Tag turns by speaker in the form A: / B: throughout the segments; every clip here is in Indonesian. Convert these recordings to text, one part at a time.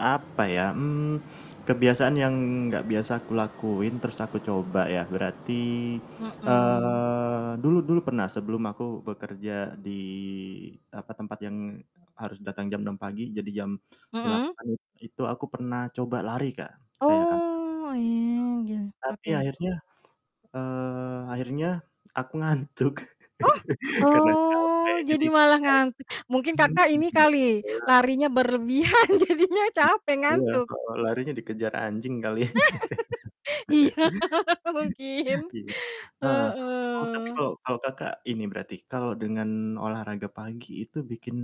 A: Apa ya? Mmm, kebiasaan yang enggak biasa aku lakuin terus aku coba, ya? Berarti,
B: Mhm.
A: eee, dulu dulu pernah sebelum aku bekerja di apa, tempat yang harus datang jam 06:00 pagi, jadi jam
B: Mhm?
A: 08:00 itu aku pernah coba lari Kak, kayak Kakak.
B: Oh, iya, gil
A: [unintelligible] Tapi
B: oke.
A: akhirnya, eee, akhirnya aku ngantuk,
B: Oh!
A: karena capek.
B: Oh, jadi
A: Jadi,
B: malah ngantuk. Mungkin Kakak ini
A: [unintelligible]
B: kali, larinya berlebihan jadinya
A: Iya
B: capek,
A: iya,
B: ngantuk.
A: heeh, larinya dikejar anjing kali.
B: Iya, mungkin.
A: Iya, heeh. Oh, tapi
B: Heeh.
A: kalau kalau Kakak ini berarti, kalau dengan olahraga pagi itu bikin,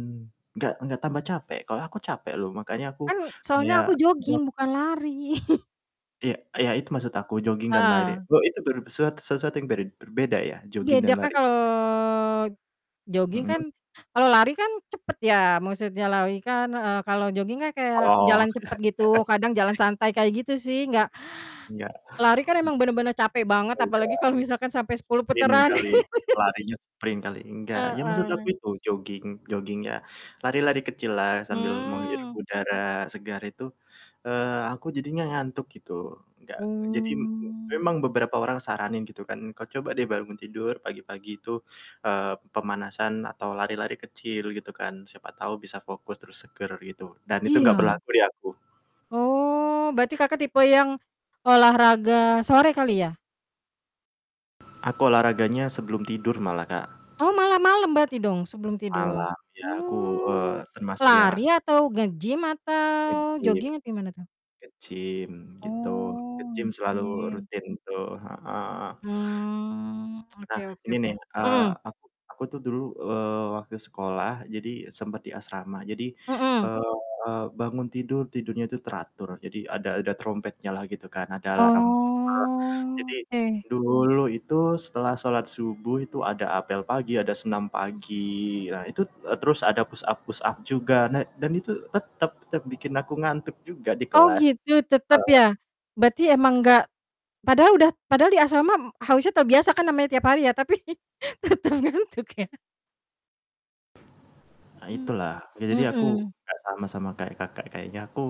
A: enggak enggak tambah capek? Kalau aku capek loh, makanya aku
B: Kan, soalnya
A: kayak
B: aku
A: [unintelligible]
B: jogging, bukan lari.
A: Iya iya, itu maksud aku, joging dan lari.
B: Ah.
A: Oh, itu ber set sesuatu yang berd berbeda ya, jogging
B: Beda
A: dan
B: kan,
A: lari?
B: kalau joging
A: Mhm?
B: kan kalau lari kan cepet ya, maksudnya lari kan, e kalau joging kan, kayak
A: Oh.
B: jalan cepat gitu, kadang jalan santai kayak gitu sih, enggak
A: Mhm. Mhm mhm. Iya.
B: lari kan
A: Iy
B: emang bener-bener capek banget,
A: Beda.
B: apalagi kalau misalkan sampai 10
A: Sprint
B: putaran.
A: kali, larinya sprint kali, enggak? Ya, maksud aku
B: Heeh.
A: itu, jogging joggingnya, lari-lari kecil lah sambil menghirup
B: Hmm.
A: udara segar itu, eee, aku jadinya ngantuk, gitu. Enggak jadi m
B: Oh.
A: memang beberapa orang saranin gitu kan, "Kau coba deh bangun tidur, pagi-pagi itu, eee, pemanasan atau lari-lari kecil," gitu kan, "Siapa tahu bisa fokus, terus seger," gitu, dan itu enggak
B: Iya.
A: berlaku di aku.
B: Oh, berarti Kakak tipe yang olahraga sore kali, ya?
A: Aku olahraganya sebelum tidur, malah Kak.
B: Oh, malam-malam berarti dong, sebelum tidur?
A: Malam iya aku, eee,
B: Oh,
A: termasuk yang
B: lari,
A: aktif
B: atau nge-gym, atau
A: nge-gym
B: joging? Atau, gimana tuh?
A: nge-gym, gitu, nge-gym
B: Oh,
A: selalu
B: nge-gym.
A: rutin tuh, heeh heeh.
B: Hmm,
A: Nah,
B: oke oke
A: ini
B: oke.
A: nih, eee,
B: Mhm.
A: aku aku tuh dulu, eee, waktu sekolah jadi sempet di asrama. Jadi,
B: Mhm.
A: eee, bangun tidur, tidurnya tuh teratur, jadi ada ada terompetnya lah gitu kan, ada alarm. Nah,
B: Oh,
A: jadi
B: oke.
A: dulu itu setelah sholat subuh itu ada apel pagi, ada senam pagi. Nah, itu e terus ada push-up push-up juga, nah dan itu tetep tetep bikin aku ngantuk juga di
B: Oh,
A: kelas.
B: gitu, tetap
A: Heeh.
B: ya? Berarti emang enggak padahal udah padahal di asrama harusnya terbiasa kan, namanya tiap hari ya. Tapi, tetep ngantuk ya?
A: Hah
B: Mmm,
A: itulah, sudah jadi aku,
B: heeh.
A: enggak sama sama kayak Kakak, kayaknya aku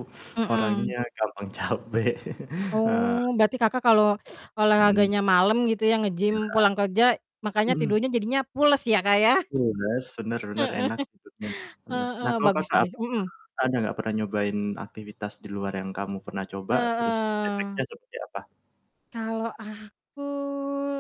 A: orangnya
B: Mhm.
A: gampang capek, heeh.
B: Oh, berarti Kakak kalau
A: Mhm.
B: olahraganya malam gitu ya,
A: Iya.
B: nge-gym pulang kerja, makanya
A: Mhm.
B: tidurnya jadinya pules ya, Kak, ya?
A: Pules, benar benar,
B: Heeh.
A: enak tidurnya, bener. Nah,
B: Heeh,
A: kalau
B: bagus
A: Kakak
B: juga
A: apa?
B: mhm.
A: Ada enggak pernah nyobain aktivitas di luar yang kamu pernah coba, terus
B: Heeh.
A: efeknya seperti apa?
B: Kalau aku